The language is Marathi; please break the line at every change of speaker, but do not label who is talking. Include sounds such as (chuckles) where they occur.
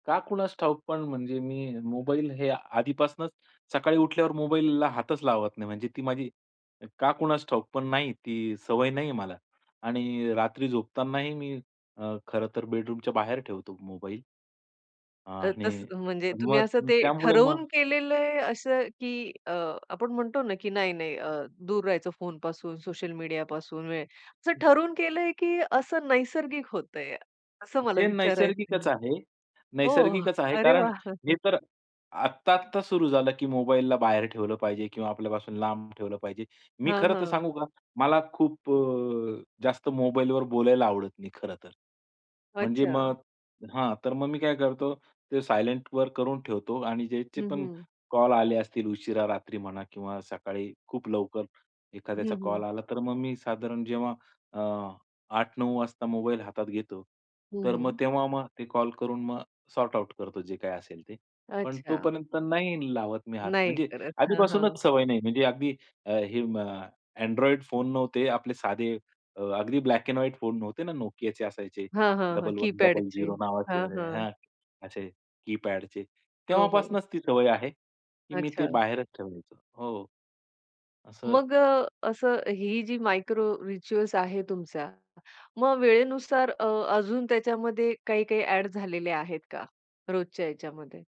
का कुणास ठाऊक, पण म्हणजे मी मोबाईल हे आधीपासूनच सकाळी उठल्यावर मोबाईलला हातच लावत नाही. म्हणजे ती माझी का कुणास ठाऊक, पण नाही, ती सवय नाही आहे मला. आणि रात्री झोपतानाही मी अ, खरंतर बेडरूमच्या बाहेर ठेवतो मोबाईल.
अ,
आणि
तसं म्हणजे तुम्ही असं
मग
ते
त्यामुळे मग
ठरवून केलेलंय असं, की अ, आपण म्हणतो ना, की नाही, नाही, अ, दूर राहायचं फोनपासून, सोशल मीडियापासून, म्हणजे असं ठरवून केलंय, की असं नैसर्गिक होतंय? असं मला
हे
विचारायचंय.
नैसर्गिकच आहे,
हो,
नैसर्गिकच आहे.
अरे
कारण
वाह!
हे
(chuckles)
तर आत्ता, आत्ता सुरू झालं, की मोबाईलला बाहेर ठेवलं पाहिजे किंवा आपल्यापासून लांब ठेवलं पाहिजे. मी
हां,
खरंतर
हां.
सांगू का? मला खूप अ, जास्त मोबाईलवर बोलायला आवडत नाही, खरंतर. म्हणजे
अच्छा.
मग हां, तर मग मी काय करतो, ते सायलेंटवर करून ठेवतो. आणि ज्याचे
हं,
पण
हं.
कॉल आले असतील, उशिरा, रात्री म्हणा किंवा सकाळी खूप लवकर एखाद्याचा
हं, हं.
कॉल आला, तर मग मी साधारण जेव्हा अ, 8:00-9:00 वाजता मोबाईल हातात घेतो,
हं,
तर मग
हं.
तेव्हा मग ते कॉल करून मग सॉर्ट आउट करतो, जे काही असेल ते. पण
अच्छा.
तोपर्यंत नाही लावत मी हात.
नाही
म्हणजे
करत, हां, हां.
आधीपासूनच सवय नाही. म्हणजे अगदी हे अ, Android फोन नव्हते, आपले साधे अ, अगदी ब्लॅक अँड व्हाईट फोन नव्हते ना, Nokiaचे असायचे
हां, हां, हां,
डबल वन डबल
की-पॅडचे.
झिरो नावाचे
हां, हां.
असे की-पॅडचे,
हो, हो.
तेव्हापासूनच ती सवय आहे, की मी ते
अच्छा.
बाहेरच ठेवायचो हो. असं
मग अ, असं ही जी मायक्रो रिच्युअल्स आहे तुमचा, मग वेळेनुसार अ, अजून त्याच्यामध्ये काही, काही ॲड झालेले आहेत का रोजच्या ह्याच्यामध्ये?